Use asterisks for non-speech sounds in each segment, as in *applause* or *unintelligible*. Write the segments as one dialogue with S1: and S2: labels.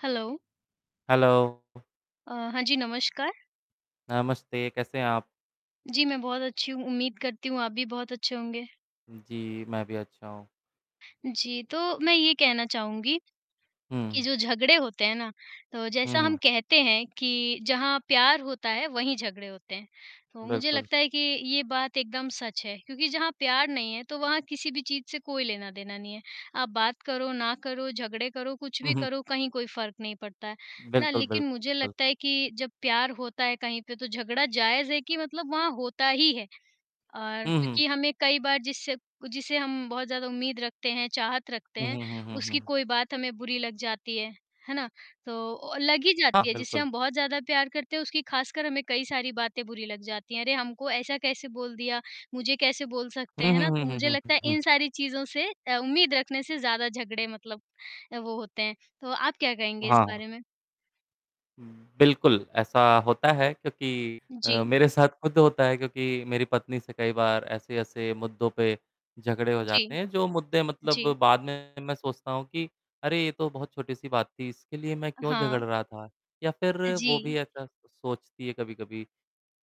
S1: Hello.
S2: Hello!
S1: अ, हाँ जी, नमस्कार।
S2: नमस्ते, कैसे हैं आप?
S1: जी, मैं बहुत अच्छी हूँ, उम्मीद करती हूँ आप भी बहुत अच्छे होंगे।
S2: जी, मैं भी अच्छा हूँ।
S1: जी, तो मैं ये कहना चाहूँगी कि
S2: हुँ।
S1: जो झगड़े होते हैं ना, तो
S2: हुँ,
S1: जैसा हम
S2: हुँ।
S1: कहते हैं कि जहाँ प्यार होता है वहीं झगड़े होते हैं। तो मुझे
S2: बिल्कुल।
S1: लगता है कि ये बात एकदम सच है, क्योंकि जहाँ प्यार नहीं है तो वहाँ किसी भी चीज़ से कोई लेना-देना नहीं है। आप बात करो, ना करो, झगड़े करो, कुछ
S2: हुँ,
S1: भी
S2: हुँ।
S1: करो, कहीं कोई फ़र्क नहीं पड़ता है। है ना?
S2: बिल्कुल,
S1: लेकिन मुझे
S2: बिल्कुल।
S1: लगता है कि जब प्यार होता है कहीं पे तो झगड़ा जायज़ है कि मतलब वहाँ होता ही है। और
S2: हुँ, हुँ।
S1: क्योंकि हमें कई बार जिससे जिसे हम बहुत ज़्यादा उम्मीद रखते हैं, चाहत रखते
S2: हुँ,
S1: हैं,
S2: हुँ, हुँ, हुँ,
S1: उसकी
S2: हुँ।
S1: कोई बात हमें बुरी लग जाती है। है ना? तो लग ही
S2: हाँ,
S1: जाती है, जिससे
S2: बिल्कुल।
S1: हम बहुत ज़्यादा प्यार करते हैं, उसकी ख़ासकर हमें कई सारी बातें बुरी लग जाती हैं। अरे! हमको ऐसा कैसे बोल दिया? मुझे कैसे बोल सकते
S2: हुँ,
S1: हैं
S2: हुँ,
S1: ना?
S2: हुँ,
S1: तो
S2: हुँ,
S1: मुझे
S2: हुँ,
S1: लगता
S2: हुँ,
S1: है
S2: हुँ।
S1: इन सारी चीज़ों से अ, उम्मीद रखने से ज़्यादा झगड़े मतलब अ, वो होते हैं। तो आप क्या कहेंगे
S2: हाँ,
S1: इस
S2: हाँ।
S1: बारे में?
S2: हुँ, बिल्कुल ऐसा होता है, क्योंकि अ,
S1: जी।
S2: मेरे साथ खुद होता है क्योंकि मेरी पत्नी से कई बार ऐसे-ऐसे मुद्दों पे झगड़े हो
S1: जी।
S2: जाते हैं। जो मुद्दे मतलब
S1: जी।
S2: बाद में, मैं सोचता हूँ कि अरे! ये तो बहुत छोटी-सी बात थी इसके लिए मैं क्यों झगड़
S1: हाँ।
S2: रहा था? या फिर
S1: अ,
S2: वो भी
S1: जी।
S2: ऐसा सोचती है, कभी-कभी?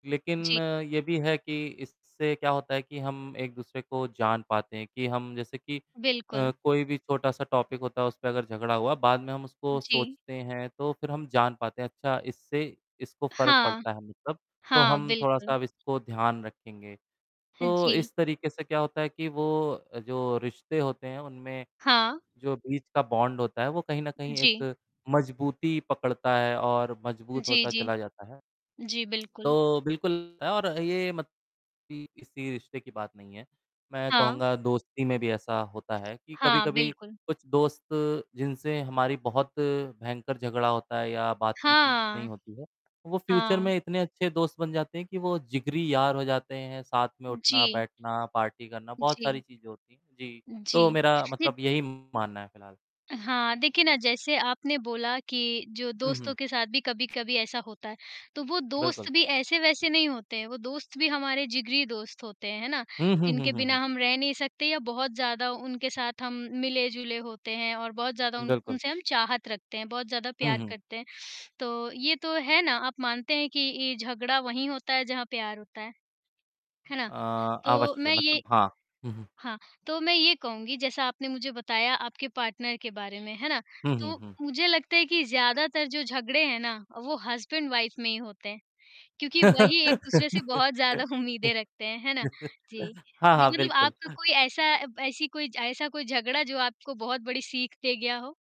S2: लेकिन
S1: जी।
S2: अ, ये भी है कि इससे क्या होता है कि हम एक-दूसरे को जान पाते हैं कि हम जैसे कि
S1: बिल्कुल।
S2: अ, कोई भी छोटा-सा टॉपिक होता है उस पे अगर झगड़ा हुआ, बाद में हम उसको
S1: जी।
S2: सोचते हैं तो फिर हम जान पाते हैं अच्छा इससे इसको फ़र्क
S1: हाँ।
S2: पड़ता है मतलब। तो
S1: हाँ,
S2: हम
S1: बिल्कुल।
S2: थोड़ा-सा इसको ध्यान रखेंगे।
S1: हाँ
S2: तो
S1: जी।
S2: इस तरीके से क्या होता है कि वो जो रिश्ते होते हैं उनमें
S1: हाँ।
S2: जो बीच का बॉन्ड होता है वो कहीं न कहीं
S1: जी।
S2: एक मजबूती पकड़ता है और मजबूत
S1: जी,
S2: होता
S1: जी।
S2: चला जाता है।
S1: जी बिल्कुल।
S2: तो बिल्कुल और ये मत *unintelligible* किसी रिश्ते की बात नहीं है। मैं
S1: हाँ।
S2: कहूँगा दोस्ती में भी ऐसा होता है कि
S1: हाँ,
S2: कभी-कभी
S1: बिल्कुल।
S2: कुछ दोस्त जिनसे हमारी बहुत भयंकर झगड़ा होता है या बातचीत नहीं
S1: हाँ।
S2: होती है। वो फ्यूचर
S1: हाँ।
S2: में इतने अच्छे दोस्त बन जाते हैं कि वो जिगरी यार हो जाते हैं, साथ में
S1: जी।
S2: उठना-बैठना, पार्टी करना, बहुत सारी
S1: जी।
S2: चीज़ें होती हैं। जी। तो
S1: जी।
S2: मेरा
S1: जी।
S2: मतलब यही मानना है फिलहाल।
S1: हाँ, देखिए ना जैसे आपने बोला कि जो
S2: हुँ,
S1: दोस्तों
S2: हुँ।
S1: के साथ भी कभी-कभी ऐसा होता है। तो वो
S2: बिल्कुल।
S1: दोस्त भी ऐसे-वैसे नहीं होते। वो दोस्त भी हमारे जिगरी दोस्त होते हैं, है ना?
S2: हुँ, हुँ, हुँ,
S1: जिनके
S2: हुँ,
S1: बिना
S2: हुँ।
S1: हम रह नहीं सकते या बहुत ज़्यादा उनके साथ हम मिले-जुले होते हैं और बहुत ज़्यादा उन
S2: बिल्कुल।
S1: उनसे हम चाहत रखते हैं, बहुत ज़्यादा
S2: हुँ,
S1: प्यार
S2: हुँ।
S1: करते हैं। तो ये तो है ना, आप मानते हैं कि ये झगड़ा वहीं होता है जहाँ प्यार होता है? है ना?
S2: अ,
S1: तो
S2: अवश्य
S1: मैं ये
S2: मतलब हाँ। हुँ, हुँ।
S1: हाँ, तो मैं ये कहूँगी जैसा आपने मुझे बताया आपके पार्टनर के बारे में, है ना?
S2: हुँ, हुँ,
S1: तो
S2: हुँ।
S1: मुझे लगता है कि ज़्यादातर जो झगड़े हैं ना, वो हस्बैंड-वाइफ में ही होते हैं। क्योंकि वही एक-दूसरे से
S2: *laughs*
S1: बहुत ज़्यादा उम्मीदें रखते हैं, है ना? जी।
S2: हाँ,
S1: जी,
S2: हाँ,
S1: मतलब आपको
S2: बिल्कुल।
S1: कोई ऐसा ब ऐसी कोई ज ऐसा कोई झगड़ा जो आपको बहुत बड़ी सीख दे गया हो?